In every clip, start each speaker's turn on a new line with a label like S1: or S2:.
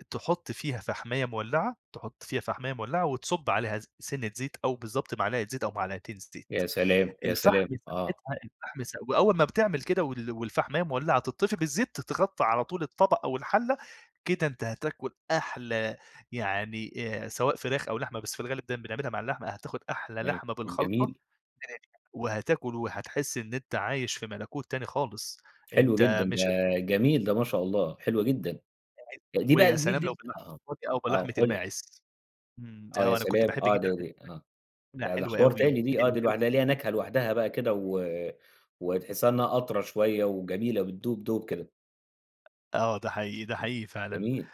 S1: أ تحُط فيها فَحْماية مولّعة، تحُط فيها فَحْماية مولّعة وتصُب عليها ز سِنّة زيت أو بالضبط معلقة زيت أو معلقتين الزيت.
S2: يا سلام، يا
S1: الفحم
S2: سلام. آه.
S1: ساعتها الفحم س وأول ما بتعمل كده وال والفَحْماية مولّعة تطِّفي بالزيت، تتغطّى على طول الطبق أو الحَلّة، كده أنت هتاكُل أحلى يعني آآ سواء فراخ أو لحمة، بس في الغالب دايمًا بنعملها مع اللحمة أ هتاخُد أحلى
S2: [unintelligible]
S1: لحمة بالخلطة
S2: جميل.
S1: [unintelligible] وهتاكل وهتحِس إن أنت عايش في مَلَكوت تاني خالص.
S2: حلو جدًا.
S1: أنت
S2: ده
S1: مش هتفو
S2: جميل، ده ما شاء الله، حلوة جدًا.
S1: [unintelligible]
S2: أ دي بقى
S1: ويا
S2: ال زي
S1: سلام لو
S2: الدلت
S1: باللحمة
S2: آه.
S1: الضاني أو
S2: آه،
S1: بلحمة
S2: قُل لي.
S1: الماعز. إمم.
S2: آه، يا
S1: آه، أنا كنت
S2: سلام.
S1: باحب جدًا
S2: آه. دي
S1: لحمة
S2: دي آه.
S1: الما إنّها
S2: ده ده
S1: حلوة
S2: حوار تاني
S1: أوي،
S2: دي آه.
S1: حلوة
S2: دي
S1: أو
S2: لوحدها ليها نكهة لوحدها بقى كده و وتحسّها إنّها أطرى شوية، وجميلة بتدوب دوب كده.
S1: آه، ده حقيقي. ده حقيقي فعلًا.
S2: جميل.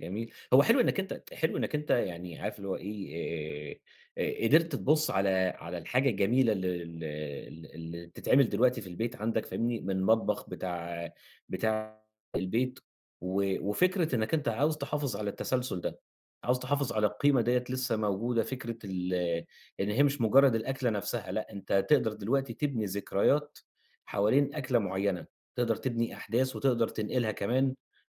S2: جميل. هو حلو إنّك أنت حلو إنّك أنت يعني عارف اللي هو إيه، آآ آآ قدرت تبُص على على الحاجة الجميلة ال ال ال اللي بتتعمل دلوقتي في البيت عندك فاهمني؟ من المطبخ بتاع بتاع البيت، و وفكرة إنّك أنت عاوز تحافظ على التسلسُل ده، عاوز تحافظ على القيمة دِيّة لسّه موجودة فكرة ال إن هي مش مُجرّد الأكلة نفسها لأ، أنت تقدر دلوقتي تبني ذكريات حوالين أكلة معيّنة. تقدر تبني أحداث وتقدر تنقلها كمان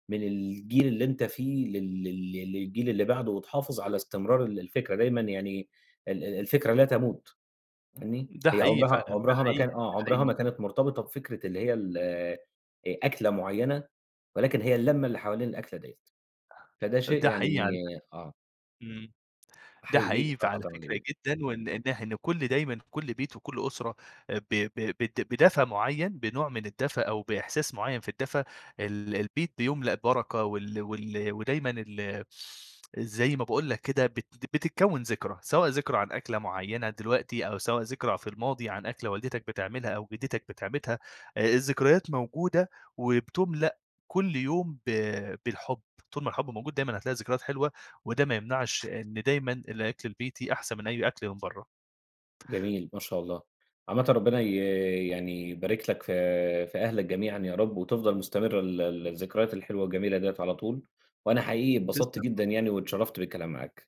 S2: من الجيل اللي أنت فيه لل لل ل للجيل اللي بعده وتحافظ على استمرار ال الفكرة دايمًا. يعني ال ال الفكرة لا تموت. فاهمني؟
S1: ده
S2: هي
S1: حقيقي
S2: عُمرها
S1: فعلًا، ده
S2: عُمرها ما
S1: حقيقي،
S2: كان آه.
S1: ده
S2: عُمرها
S1: حقيقي.
S2: ما كانت مرتبطة بفكرة اللي هي ال أ أكلة معيّنة ولكن هي اللمة اللي حوالين الأكلة ديّة. فده
S1: أ
S2: شيء
S1: ده حقيقي
S2: يعني
S1: علي فكرة.
S2: آه.
S1: إمم. ده
S2: أحييك
S1: حقيقي
S2: الصراحة،
S1: فعلى
S2: طبعًا ده
S1: فكرة
S2: جدًا.
S1: جدًا وإن إنح إن كل دايمًا، كل بيت وكل أسرة آآ ب ب بد بدفى معيّن، بنوع من الدفى أو بإحساس معيّن في الدفى، ال البيت بيُملأ بركة وال وال ودايمًا ال زي ما باقول لك كده بت بتتكوّن ذكرى، سواء ذكرى عن أكلة معيّنة دلوقتي أو سواء ذكرى في الماضي عن أكلة والدتك بتعملها أو جِدّتك بتعملها. آآ الذكريات موجودة وبتُملأ كل يوم ب بالحُب. طول ما الحُب موجود دايمًا، هتلاقي ذكريات حلوة وده ما يمنعش إن دايمًا الأكل البيتي أحسن من أي أكل من برّه.
S2: جميل، ما شاء الله. عامةً ربنا ي يعني يبارك لك في في أهلك جميعًا يا رب وتفضل مستمرة ال ال الذكريات الحلوة والجميلة ديّة على طول وأنا حقيقي اتبسطت
S1: تسلم
S2: جدًا
S1: شكرً
S2: يعني واتشرّفت بالكلام معاك.